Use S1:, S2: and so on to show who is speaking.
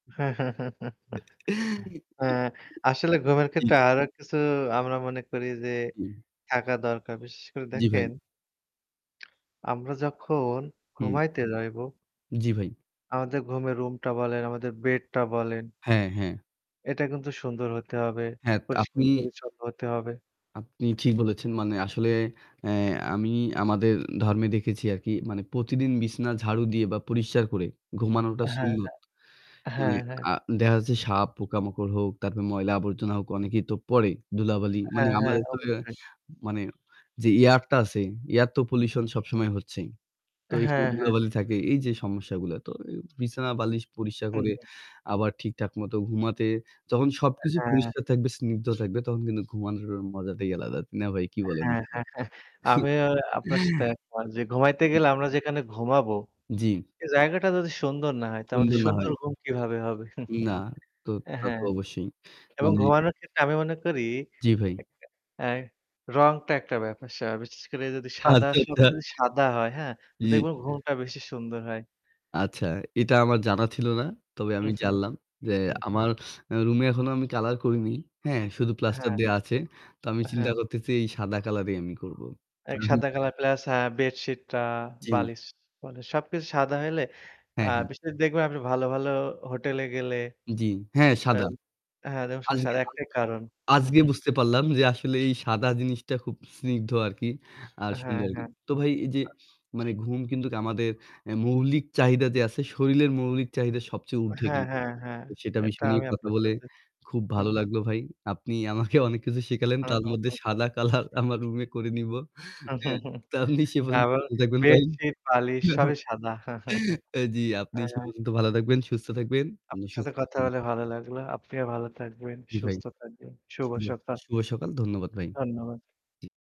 S1: আসলে ঘুমের
S2: জি।
S1: ক্ষেত্রে আলাদা কিছু আমরা মনে করি যে
S2: হুম।
S1: থাকা দরকার। বিশেষ করে
S2: জি,
S1: দেখেন
S2: ভাই।
S1: আমরা যখন
S2: হুম।
S1: ঘুমাইতে যাইব
S2: জি, ভাই।
S1: আমাদের ঘুমের রুমটা বলেন, আমাদের বেডটা বলেন
S2: হ্যাঁ, হ্যাঁ।
S1: এটা কিন্তু সুন্দর হতে হবে।
S2: হ্যাঁ, তা আপনি
S1: পরিষ্কার-পরিচ্ছন্ন হতে হবে।
S2: আপনি ঠিক বলেছেন মানে আসলে অ্যা আমি আমাদের ধর্মে দেখেছি আরকি মানে প্রতিদিন বিছানা ঝাড়ু দিয়ে বা পরিষ্কার করে ঘুমানোটা
S1: হ্যাঁ,
S2: সুন্নত।
S1: হ্যাঁ,
S2: মানে
S1: হ্যাঁ, হ্যাঁ।
S2: আ দেখা যাচ্ছে সাপ, পোকামাকড় হোক, তারপরে ময়লা আবর্জনা হোক, অনেকেই তো পড়ে ধুলাবালি। মানে
S1: হ্যাঁ, হ্যাঁ
S2: আমাদের তো
S1: অবশ্যই।
S2: মানে যে এয়ার টা আছে এয়ার তো পলিউশন সবসময় হচ্ছেই। তো এখানে
S1: হ্যাঁ, হ্যাঁ।
S2: ধুলাবালি থাকে। এই যে সমস্যাগুলা। তো বিছানা বালিশ পরিষ্কার
S1: হু,
S2: করে
S1: হু।
S2: আবার ঠিকঠাক মতো ঘুমাতে যখন সবকিছু
S1: হ্যাঁ।
S2: পরিষ্কার থাকবে, স্নিগ্ধ থাকবে তখন কিন্তু ঘুমানোর মজাটাই আলাদা। না ভাই, কি বলেন?
S1: হ্যাঁ, হ্যাঁ, হ্যাঁ। আমিও আপনার সাথে একমত যে ঘুমাইতে গেলে আমরা যেখানে ঘুমাবো,
S2: জি।
S1: সেই জায়গাটা যদি সুন্দর না হয় তো আমাদের
S2: সুন্দর না
S1: সুন্দর
S2: হয়।
S1: ঘুম কিভাবে হবে?
S2: না, তো
S1: অ্যা
S2: তা তো
S1: হ্যাঁ।
S2: অবশ্যই।
S1: এবং
S2: মানে
S1: ঘুমানোর ক্ষেত্রে আমি মনে করি
S2: জি, ভাই।
S1: আ রং টা একটা ব্যাপার। সা বিশেষ করে যদি সাদা,
S2: আচ্ছা, আচ্ছা।
S1: সবকিছু সাদা হয় হ্যাঁ? তো
S2: জি।
S1: দেখবেন ঘুমটা বেশি সুন্দর হয়।
S2: আচ্ছা, এটা আমার জানা ছিল না। তবে আমি জানলাম যে আমার এ রুমে এখনো আমি কলার করিনি। হ্যাঁ, শুধু প্লাস্টার
S1: হ্যাঁ।
S2: দেওয়া আছে। তো আমি চিন্তা
S1: হ্যাঁ।
S2: করতেছি এই সাদা কালারই আমি করব।
S1: এক
S2: [unintelligible]
S1: সাদা কালার প্লাস অ্যা বেডশিটটা,
S2: জি।
S1: বালিশ। মানে সবকিছু সাদা হইলে আ
S2: হ্যাঁ, হ্যাঁ।
S1: বিশেষ করে দেখবেন আপনি ভালো, ভালো হোটেলে গেলে
S2: জি, হ্যাঁ সাদা।
S1: আম হ্যাঁ দেখবেন সব
S2: আজকে
S1: সাদা হওয়ার একটাই কারণ।
S2: আজকে বুঝতে পারলাম যে আসলে এই সাদা জিনিসটা খুব স্নিগ্ধ আরকি। আর
S1: হ্যাঁ,
S2: সুন্দর আর কি।
S1: হ্যাঁ।
S2: তো ভাই এই যে মানে ঘুম কিন্তু আমাদের আ মৌলিক চাহিদা যে আছে শরীরের মৌলিক চাহিদা সবচেয়ে উর্ধে
S1: হ্যাঁ,
S2: কিন্তু।
S1: হ্যাঁ, হ্যাঁ।
S2: তো সেটা
S1: এটা
S2: বিষয় নিয়ে
S1: আমি
S2: কথা
S1: আপনার
S2: বলে
S1: সাথে।
S2: খুব
S1: হু,
S2: ভালো
S1: হু।
S2: লাগলো ভাই। আপনি আমাকে অনেক কিছু শিখালেন। তার মধ্যে
S1: [unintelligible]
S2: সাদা কলার আমার রুমে করে নিবো। হ্যাঁ? তো আপনি সে পর্যন্ত
S1: আমার
S2: ভালো থাকবেন ভাই।
S1: বেডশিট, বালিশ সবই সাদা।
S2: অ্যা জি, আপনি সে
S1: হ্যাঁ।
S2: পর্যন্ত ভালো থাকবেন, সুস্থ থাকবেন,
S1: আপনার সাথে
S2: সুস্থ
S1: কথা
S2: থাকবেন।
S1: বলে ভালো লাগলো। আপনিও ভালো থাকবেন,
S2: জি ভাই।
S1: সুস্থ থাকবেন। শুভ
S2: শুভ
S1: সকাল।
S2: শুভ সকাল ধন্যবাদ ভাই।
S1: ধন্যবাদ।